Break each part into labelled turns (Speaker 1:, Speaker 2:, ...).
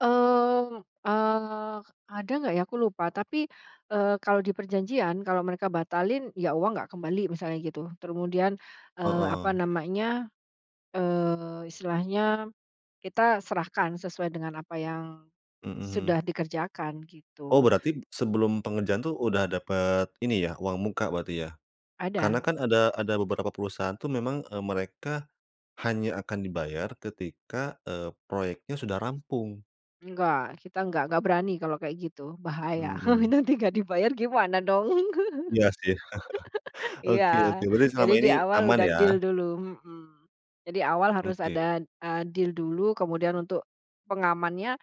Speaker 1: Mmm, ah, ada nggak ya aku lupa tapi, eee, kalau di perjanjian kalau mereka batalin ya uang nggak kembali misalnya gitu terus kemudian, eee, apa
Speaker 2: Heeh.
Speaker 1: namanya, eee, istilahnya, kita serahkan sesuai dengan apa yang,
Speaker 2: Mhm.
Speaker 1: sudah dikerjakan
Speaker 2: Oh
Speaker 1: gitu.
Speaker 2: berarti sebelum pengerjaan tuh udah dapet ini ya uang muka berarti ya? Karena
Speaker 1: Ada.
Speaker 2: kan ada ada beberapa perusahaan tuh memang, eee, mereka. Hanya akan dibayar ketika, eee, proyeknya sudah rampung.
Speaker 1: Enggak kita enggak enggak berani kalau kayak gitu bahaya
Speaker 2: Mmm.
Speaker 1: nanti enggak dibayar gimana dong?
Speaker 2: Iya sih, oke oke
Speaker 1: Iya
Speaker 2: berarti
Speaker 1: jadi
Speaker 2: selama
Speaker 1: di
Speaker 2: ini
Speaker 1: awal
Speaker 2: aman
Speaker 1: udah
Speaker 2: ya?
Speaker 1: deal dulu, mhm, jadi awal harus
Speaker 2: Oke.
Speaker 1: ada, eee, deal dulu kemudian untuk, pengamannya,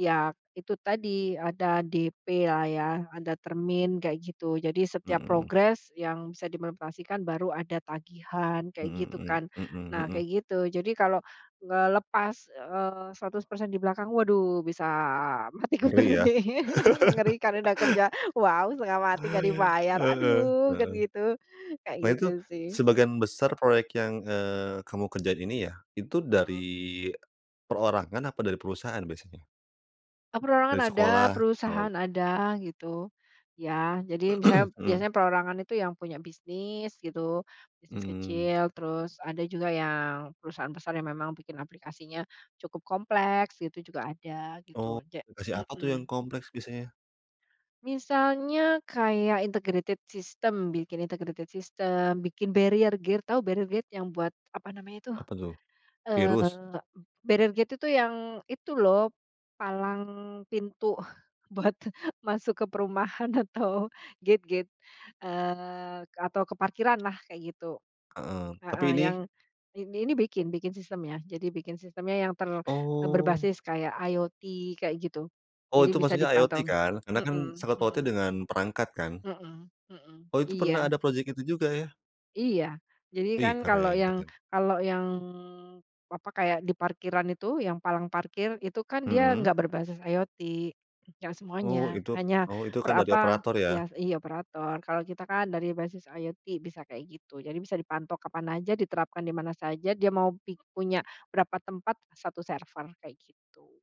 Speaker 1: ya itu tadi ada DP lah ya ada termin kayak gitu, jadi setiap
Speaker 2: Mhm.
Speaker 1: progres yang bisa dimonetisasikan baru ada tagihan kayak
Speaker 2: Mhm
Speaker 1: gitu
Speaker 2: mhm
Speaker 1: kan.
Speaker 2: mhm
Speaker 1: Nah
Speaker 2: mhm.
Speaker 1: kayak gitu jadi kalau ngelepas, eee, 100% di belakang waduh bisa mati
Speaker 2: Ngeri
Speaker 1: kutu
Speaker 2: ya?
Speaker 1: nih mengerikan udah kerja wow setengah mati nggak dibayar
Speaker 2: Heeh
Speaker 1: aduh kan
Speaker 2: heeh.
Speaker 1: gitu kayak
Speaker 2: Nah itu,
Speaker 1: gitu sih.
Speaker 2: sebagian besar proyek yang, eee, kamu kerjain ini ya, itu dari,
Speaker 1: Mhm.
Speaker 2: perorangan apa dari perusahaan biasanya? Dari
Speaker 1: Perorangan ada,
Speaker 2: sekolah, oh.
Speaker 1: perusahaan ada gitu, ya jadi misalnya
Speaker 2: Mmm.
Speaker 1: biasanya perorangan itu yang punya bisnis gitu, bisnis
Speaker 2: Mmm.
Speaker 1: kecil terus ada juga yang perusahaan besar yang memang bikin aplikasinya cukup kompleks gitu juga ada
Speaker 2: Oh,
Speaker 1: gitu ja
Speaker 2: lokasi apa tuh yang
Speaker 1: mhm.
Speaker 2: kompleks biasanya?
Speaker 1: Misalnya kayak integrated system, bikin integrated system, bikin barrier gate tahu barrier gate? Yang buat apa namanya tuh,
Speaker 2: Apa tuh? Virus?
Speaker 1: eee, barrier gate itu tuh yang itu loh, palang pintu buat masuk ke perumahan atau gate-gate, eee, atau ke parkiran lah kayak gitu.
Speaker 2: Heeh, tapi
Speaker 1: Heeh,
Speaker 2: ini
Speaker 1: yang, in ini bikin bikin sistemnya. Jadi bikin sistemnya yang ter eee,
Speaker 2: Oh.
Speaker 1: berbasis kayak IoT kayak gitu,
Speaker 2: Oh
Speaker 1: jadi
Speaker 2: itu
Speaker 1: bisa
Speaker 2: maksudnya IoT
Speaker 1: dipantau,
Speaker 2: kan? Karena kan
Speaker 1: mhm
Speaker 2: sangkut pautnya
Speaker 1: mhm.
Speaker 2: dengan perangkat kan?
Speaker 1: Mhm mhm,
Speaker 2: Oh itu pernah
Speaker 1: iya.
Speaker 2: ada project itu juga ya?
Speaker 1: Iya jadi kan
Speaker 2: Ih,
Speaker 1: kalau
Speaker 2: keren
Speaker 1: yang
Speaker 2: keren.
Speaker 1: kalau yang, apa, kayak di parkiran itu yang palang parkir itu kan dia
Speaker 2: Mhm.
Speaker 1: nggak berbasis IoT, gak
Speaker 2: Oh
Speaker 1: semuanya
Speaker 2: itu
Speaker 1: hanya
Speaker 2: oh itu kan
Speaker 1: per,
Speaker 2: dari
Speaker 1: apa,
Speaker 2: operator ya?
Speaker 1: iya iya operator. Kalau kita kan dari basis IoT bisa kayak gitu. Jadi bisa dipantau kapan aja, diterapkan di mana saja, dia mau pik punya berapa tempat, 1 server kayak gitu.